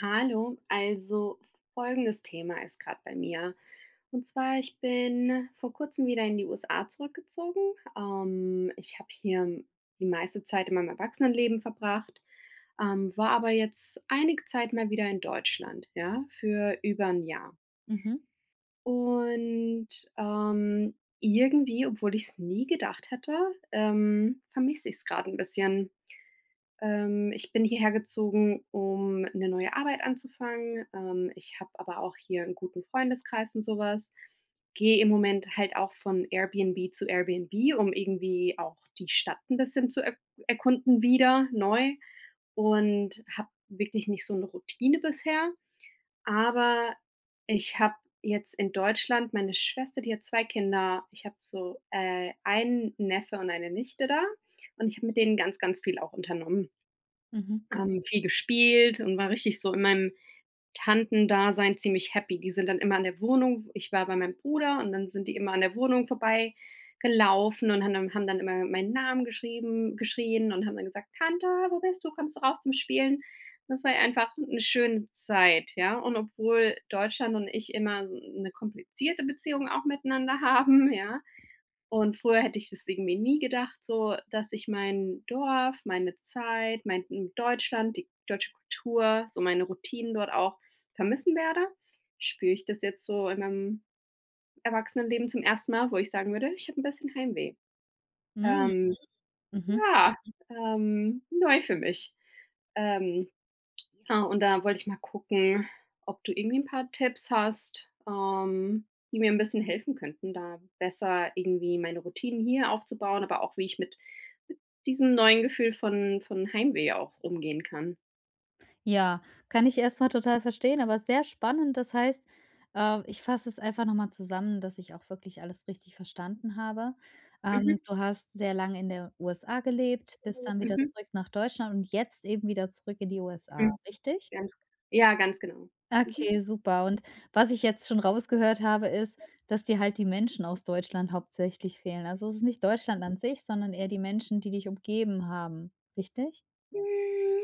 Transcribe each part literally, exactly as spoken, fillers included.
Hallo! Also folgendes Thema ist gerade bei mir. Und zwar ich bin vor kurzem wieder in die USA zurückgezogen. Ähm, ich habe hier die meiste Zeit in meinem Erwachsenenleben verbracht, ähm, war aber jetzt einige Zeit mal wieder in Deutschland, ja, für über 'n Jahr. Mhm. Und, ähm, irgendwie, obwohl ich es nie gedacht hätte, ähm, vermisse ich es gerade 'n bisschen. Ähm, ich bin hierhergezogen, um 'ne neue Arbeit anzufangen. Ähm, ich habe aber auch hier 'n guten Freundeskreis und sowas. Gehe im Moment halt auch von Airbnb zu Airbnb, um irgendwie auch die Stadt 'n bisschen zu er erkunden wieder neu und habe wirklich nicht so 'ne Routine bisher, aber ich habe jetzt in Deutschland meine Schwester, die hat zwei Kinder. Ich habe so, äh, einen Neffe und eine Nichte da und ich habe mit denen ganz, ganz viel auch unternommen. Mhm. Ähm, viel gespielt und war richtig so in meinem Tantendasein ziemlich happy. Die sind dann immer in der Wohnung ich war bei meinem Bruder und dann sind die immer an der Wohnung vorbei gelaufen und haben dann haben dann immer meinen Namen geschrieben geschrien und haben dann gesagt: „Tante, wo bist du? Kommst du raus zum Spielen?“ Das war einfach 'ne schöne Zeit, ja. Und obwohl Deutschland und ich immer s 'ne komplizierte Beziehung auch miteinander haben, ja. Und früher hätte ich das irgendwie nie gedacht, so, dass ich mein Dorf, meine Zeit, mein in Deutschland, die deutsche Kultur, so meine Routinen dort auch vermissen werde, spüre ich das jetzt so in meinem Erwachsenenleben zum ersten Mal, wo ich sagen würde, ich habe 'n bisschen Heimweh. Hm. Ähm, Mhm. ja ähm, neu für mich. Ähm, ja und da wollte ich mal gucken, ob du irgendwie 'n paar Tipps hast, ähm, die mir 'n bisschen helfen könnten, da besser irgendwie meine Routinen hier aufzubauen, aber auch wie ich mit diesem neuen Gefühl von von Heimweh auch umgehen kann. Ja, kann ich erstmal total verstehen, aber sehr spannend, das heißt, äh ich fasse es einfach nochmal zusammen, dass ich auch wirklich alles richtig verstanden habe. Mhm. Ähm, du hast sehr lange in der USA gelebt, bist [unintelligible] dann wieder Mhm. zurück nach Deutschland und jetzt eben wieder zurück in die USA, [unintelligible] richtig? Ganz ja, ganz genau. Mhm. Okay, super. Und was ich jetzt schon rausgehört habe, ist, dass dir halt die Menschen aus Deutschland hauptsächlich fehlen. Also, es ist nicht Deutschland an sich, sondern eher die Menschen, die dich umgeben haben, richtig? Hm,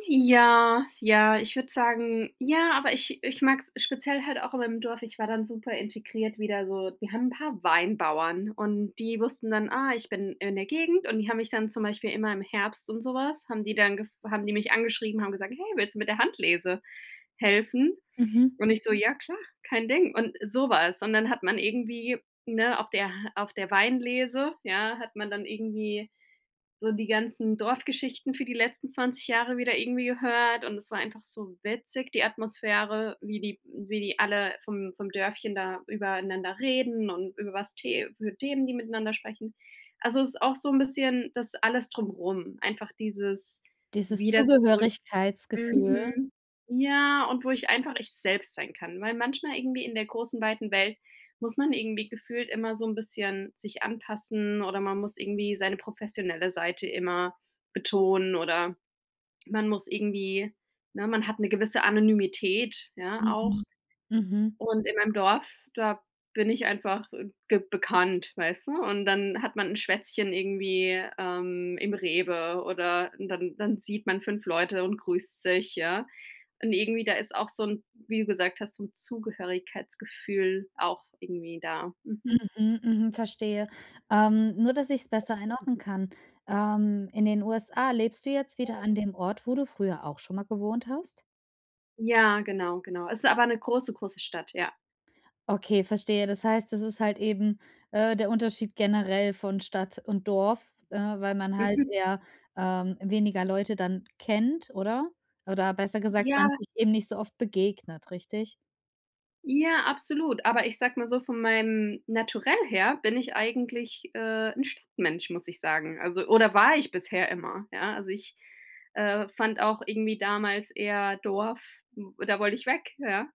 ja, ja, ich würde sagen ja, aber ich ich mag es speziell halt auch in meinem Dorf. Ich war dann super integriert wieder so wir haben 'n paar Weinbauern und die wussten dann, ah, ich bin in der Gegend. Und die haben mich dann zum Beispiel immer im Herbst und sowas haben die dann gef haben die mich angeschrieben, haben gesagt: „Hey, willst du mit der Handlese helfen?" Mhm. Und ich so: „Ja, klar, kein Ding," und sowas. Und dann hat man irgendwie ne, auf der auf der Weinlese, ja, hat man dann irgendwie so die ganzen Dorfgeschichten für die letzten zwanzig Jahre wieder irgendwie gehört. Und es war einfach so witzig, die Atmosphäre, wie die wie die alle vom vom Dörfchen da übereinander reden und über was te für Themen, die miteinander sprechen. Also, es ist auch so 'n bisschen, das alles drumherum, einfach dieses Dieses wieder zurück. Zugehörigkeitsgefühl? Mhm. Ja, und wo ich einfach ich selbst sein kann, weil manchmal irgendwie in der großen weiten Welt muss man irgendwie gefühlt immer so 'n bisschen sich anpassen, oder man muss irgendwie seine professionelle Seite immer betonen, oder man muss irgendwie ne, man hat 'ne gewisse Anonymität ja Mhm. auch. Mhm. Und in meinem Dorf, da bin ich einfach, äh, g bekannt, weißt du? Und dann hat man 'n Schwätzchen irgendwie, ähm, im Rewe oder dann dann sieht man fünf Leute und grüßt sich, ja. Und irgendwie, da ist auch so 'n wie du gesagt hast, so 'n Zugehörigkeitsgefühl auch irgendwie da. Mhm. Mhm. Mhm. Verstehe. Ähm, nur, dass ich es besser einordnen kann. Ähm, in den USA lebst du jetzt wieder [unintelligible] an dem Ort, wo du früher auch schon mal gewohnt hast? Ja, genau, genau. Es ist aber 'ne große, große Stadt, ja. Okay, verstehe. Das heißt, das ist halt eben, äh, der Unterschied generell von Stadt und Dorf, äh, weil man halt Mhm. eher, ähm, weniger Leute dann kennt, oder? Oder besser gesagt, Ja. man sich eben nicht so oft begegnet, richtig? Ja, absolut, aber ich sage mal so, von meinem Naturell her bin ich eigentlich, äh, 'n Stadtmensch, muss ich sagen, also oder war ich bisher immer. Ja, also ich, äh, fand auch irgendwie damals eher Dorf, hm, da wollte ich weg, ja?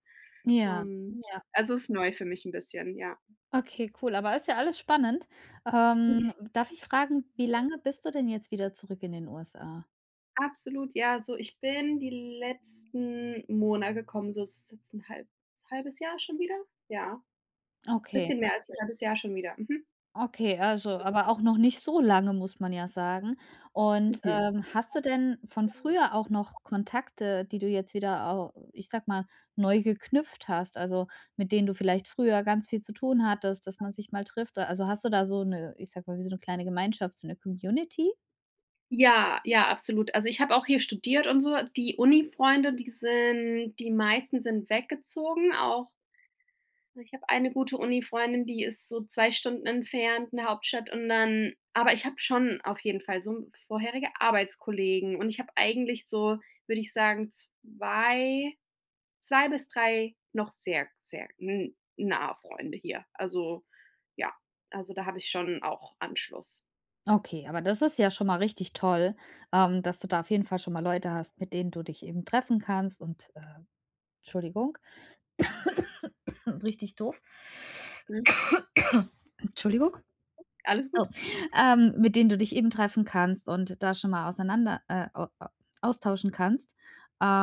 Ja, Ähm, ja. also ist neu für mich 'n bisschen, ja. Okay, cool, aber ist ja alles spannend. Ähm, darf ich fragen: „Wie lange bist du denn jetzt wieder zurück in den USA?” Absolut, ja, so ich bin die letzten Mona gekommen, so ist es jetzt 'n halb halbes Jahr schon wieder? Ja. Okay. Bisschen mehr als 'n halbes Jahr schon wieder, mhm. Okay, also, aber auch noch nicht so lange muss man ja sagen. Und, Mhm. ähm, hast du denn von früher auch noch Kontakte, die du jetzt wieder au ich sage mal, neu geknüpft hast, also mit denen du vielleicht früher ganz viel zu tun hattest, dass man sich mal trifft da. Also, hast du da so 'ne ich sage mal, wie so 'ne kleine Gemeinschaft so 'ne Community? Ja, ja, absolut. Also, ich habe auch hier studiert und so. Die Uni-Freunde, die sind die meisten sind weggezogen, auch Ich habe eine gute Uni-Freundin, die ist so zwei Stunden entfernt 'ne Hauptstadt und dann aber ich habe schon auf jeden Fall so vorherige Arbeitskollegen und ich habe eigentlich so, würde ich sagen, zwei zwei bis drei noch sehr sehr n nahe Freunde hier. Also, ja also da habe ich schon auch Anschluss. Okay, aber das ist ja schon mal richtig toll, ähm, dass du da auf jeden Fall schon mal Leute hast, mit denen du dich eben treffen kannst und, äh Entschuldigung. Richtig doof. Mhm. Entschuldigung. Alles Oh gut. ähm, mit denen du dich eben treffen kannst und da schon mal auseinander, äh a a austauschen kannst.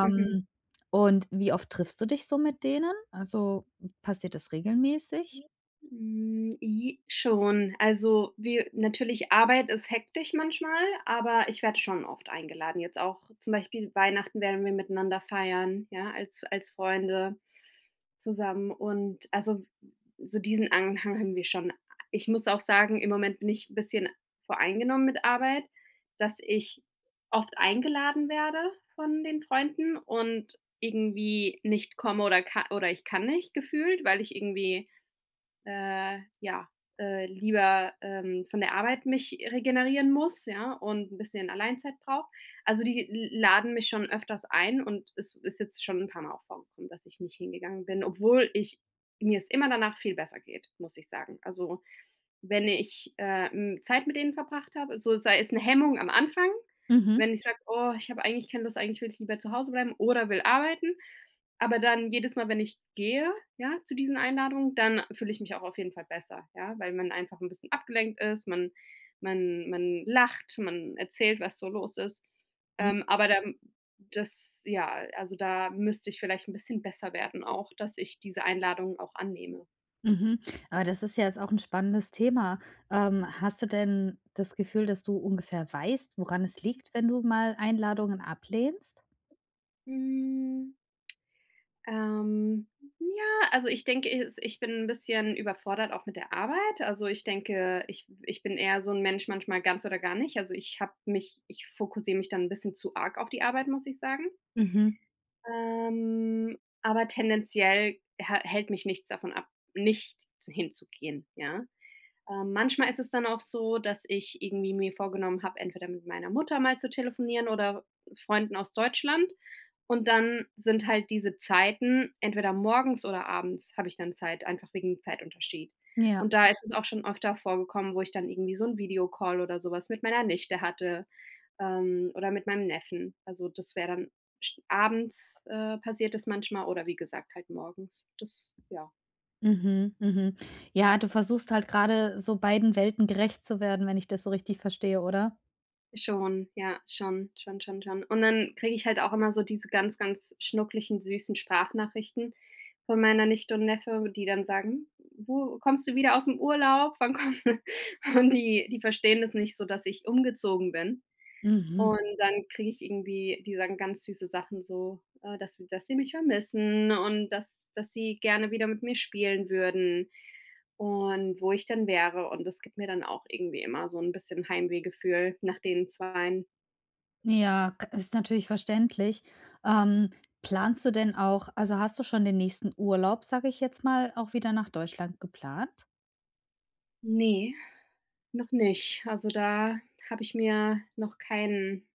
Mhm. und wie oft triffst du dich so mit denen? Also, passiert das regelmäßig? [unintelligible] Hm, ji schon. Also, wir natürlich, Arbeit ist hektisch manchmal, aber ich werde schon oft eingeladen. Jetzt auch, zum Beispiel Weihnachten werden wir miteinander feiern, ja, als als Freunde zusammen und also so diesen Anhang haben wir schon. Ich muss auch sagen, im Moment bin ich bisschen voreingenommen mit Arbeit, dass ich oft eingeladen werde von den Freunden und irgendwie nicht komme oder ka oder ich kann nicht gefühlt, weil ich irgendwie, äh, ja, äh, lieber, ähm, von der Arbeit mich regenerieren muss, ja, und 'n bisschen Alleinzeit brauche. Also, die l laden mich schon öfters ein und es ist jetzt schon 'n paar Mal auch vorgekommen, dass ich nicht hingegangen bin, obwohl ich mir es immer danach viel besser geht, muss ich sagen. Also, wenn ich, äh, hm, Zeit mit denen verbracht habe so sei es 'ne Hemmung am Anfang, Mhm. wenn ich sage: „Oh, ich habe eigentlich keine Lust, eigentlich will ich lieber zu Hause bleiben oder will arbeiten." Aber dann, jedes Mal, wenn ich gehe, ja, zu diesen Einladungen, dann fühle ich mich auch auf jeden Fall besser, ja, weil man einfach 'n bisschen abgelenkt ist, man man man lacht, man erzählt, was so los ist. Mhm. Ähm, aber dann das ja also, da müsste ich vielleicht 'n bisschen besser werden auch, dass ich diese Einladungen auch annehme. Mhm, aber das ist ja jetzt auch 'n spannendes Thema. Ähm, hast du denn das Gefühl, dass du ungefähr weißt, woran es liegt, wenn du mal Einladungen ablehnst? Hm ähm, ja, also ich denke, es ich bin 'n bisschen überfordert, auch mit der Arbeit. Also, ich denke, ich ich bin eher so 'n Mensch, manchmal ganz oder gar nicht. Also, ich habe mich ich fokussiere mich dann 'n bisschen zu arg auf die Arbeit, muss ich sagen. Mhm. Ähm, aber tendenziell hä hält mich nichts davon ab, nicht hinzugehen, ja? Ähm, manchmal ist es dann auch so, dass ich irgendwie mir vorgenommen habe, entweder mit meiner Mutter mal zu telefonieren oder Freunden aus Deutschland, und dann sind halt diese Zeiten entweder morgens oder abends habe ich dann Zeit, einfach wegen dem Zeitunterschied. Ja. Und da ist es auch schon öfter vorgekommen, wo ich dann irgendwie so 'n Videocall oder sowas mit meiner Nichte hatte, ähm, oder mit meinem Neffen. Also, das wäre dann sch abends, äh, passiert das manchmal oder wie gesagt, halt morgens. Das ja. Mhm, mhm. Ja, du versuchst halt grade so beiden Welten gerecht zu werden, wenn ich das so richtig verstehe, oder? Schon, ja, schon, schon, schon, schon. Und dann kriege ich halt auch immer so diese ganz, ganz schnuckeligen süßen Sprachnachrichten von meiner Nichte und Neffe, die dann sagen: „Du, kommst du wieder ausm Urlaub? Wann kommt?", und die die verstehen das nicht so, dass ich umgezogen bin. Mhm. Und dann kriege ich irgendwie die sagen ganz süße Sachen, so, äh, dass dass sie mich vermissen und dass dass sie gerne wieder mit mir spielen würden und wo ich denn wäre, und das gibt mir dann auch irgendwie immer so ‘n bisschen Heimweh-Gefühl nach den Zweien. Ja, i ist natürlich verständlich. Ähm, planst du denn auch also hast du schon den nächsten Urlaub, sage ich jetzt mal, auch wieder nach Deutschland geplant? Ne, noch nicht. Also, da habe ich mir noch keinen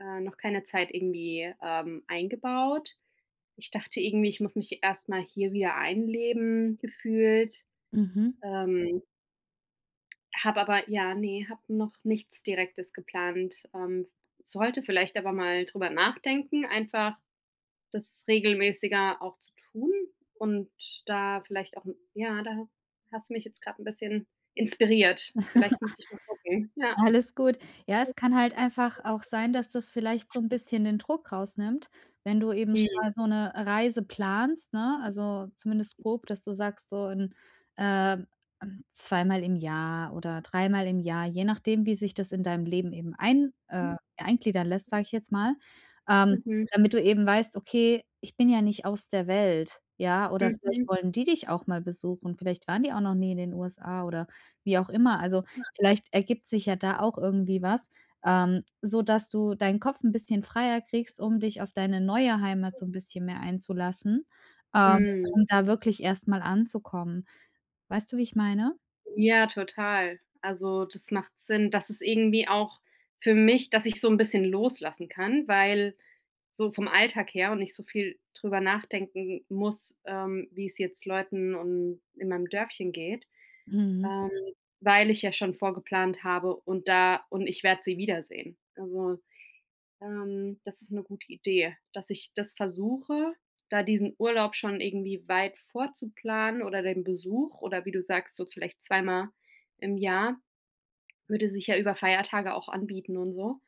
äh, noch keine Zeit irgendwie, ähm, eingebaut. Ich dachte irgendwie, ich muss mich erstmal hier wieder einleben, gefühlt. Mhm. Ähm habe aber ja, ne, habe noch nichts Direktes geplant, ähm. Sollte vielleicht aber mal darüber nachdenken, einfach das regelmäßiger auch zu tun und da vielleicht auch ja, da ha hast du mich jetzt grade 'n bisschen inspiriert. Vielleicht müsste ich mal gucken, ja. Alles gut. Ja, es kann halt einfach auch sein, dass das vielleicht so ‘n bisschen den Druck rausnimmt, wenn du eben schon Hm. mal so 'ne Reise planst, ne, also zumindest grob, dass du sagst: „So in äh, hm, zweimal im Jahr oder dreimal im Jahr.”, je nachdem, wie sich das in deinem Leben eben ein äh, Hm. eingliedern lässt, sage ich jetzt mal. Ähm, Mhm. damit du eben weißt: „Okay, ich bin ja nicht aus der Welt.”, ja, oder vielleicht Mhm. wollen die dich auch mal besuchen. Vielleicht waren die auch noch nie in den USA oder wie auch immer. Also, Ja. vielleicht ergibt sich ja da auch irgendwie was, ähm, so dass du deinen Kopf ‘n bisschen freier kriegst, um dich auf deine neue Heimat so 'n bisschen mehr einzulassen, ähm, Mhm. um da wirklich erstmal anzukommen. Weißt du, wie ich meine? Ja, total. Also das macht Sinn. Das ist irgendwie auch für mich, dass ich so 'n bisschen loslassen kann, weil so vom Alltag her und nicht so viel darüber nachdenken muss, ähm, wie es jetzt Leuten und in meinem Dörfchen geht. Mhm. Ähm, weil ich ja schon vorgeplant habe und da und ich werde sie wiedersehen. Also, ähm, das ist 'ne gute Idee, dass ich das versuche, da diesen Urlaub schon irgendwie weit vorzuplanen oder den Besuch oder wie du sagst, so vielleicht zweimal im Jahr, würde sich ja über Feiertage auch anbieten und so.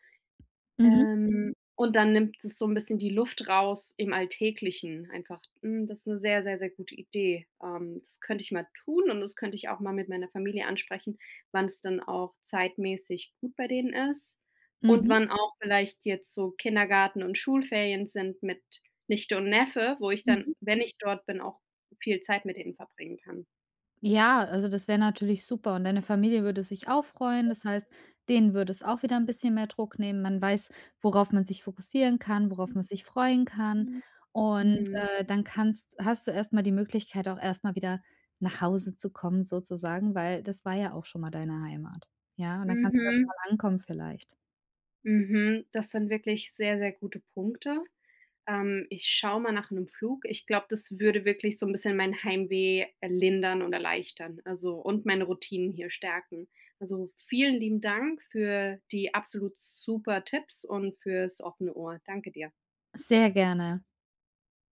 Mhm. Ähm, und dann nimmt das so 'n bisschen die Luft raus im alltäglichen einfach. Mhm, das 'ne sehr, sehr, sehr gute Idee. Ähm, das könnte ich mal tun, und das könnte ich auch mal mit meiner Familie ansprechen, wann es dann auch zeitmässig gut bei denen ist ,und Mhm. wann auch vielleicht jetzt so Kindergarten und Schulferien sind mit Nichte und Neffe, wo ich dann, Mhm. wenn ich dort bin, auch viel Zeit mit denen verbringen kann. Ja, also das wäre natürlich super, und deine Familie würde sich auch freuen, das heißt, denen würde es auch wieder 'n bisschen mehr Druck nehmen. Man weiß, worauf man sich fokussieren kann, worauf man sich freuen kann [unintelligible] und, Mhm. äh, dann kannst hast du erstmal die Möglichkeit auch erstmal wieder nach Hause zu kommen, sozusagen, weil das war ja auch schon mal deine Heimat. Ja, und dann kannst du erst Mhm. mal ankommen vielleicht. Mhm. Das sind wirklich sehr, sehr gute Punkte. Ähm, ich schaue mal nach 'nem Flug. Ich glaube, das würde wirklich so 'n bisschen mein Heimweh, äh, lindern und erleichtern. Also und meine Routinen hier stärken. Also, vielen lieben Dank für die absolut super Tipps und für's offene Ohr. Danke dir. Sehr gerne.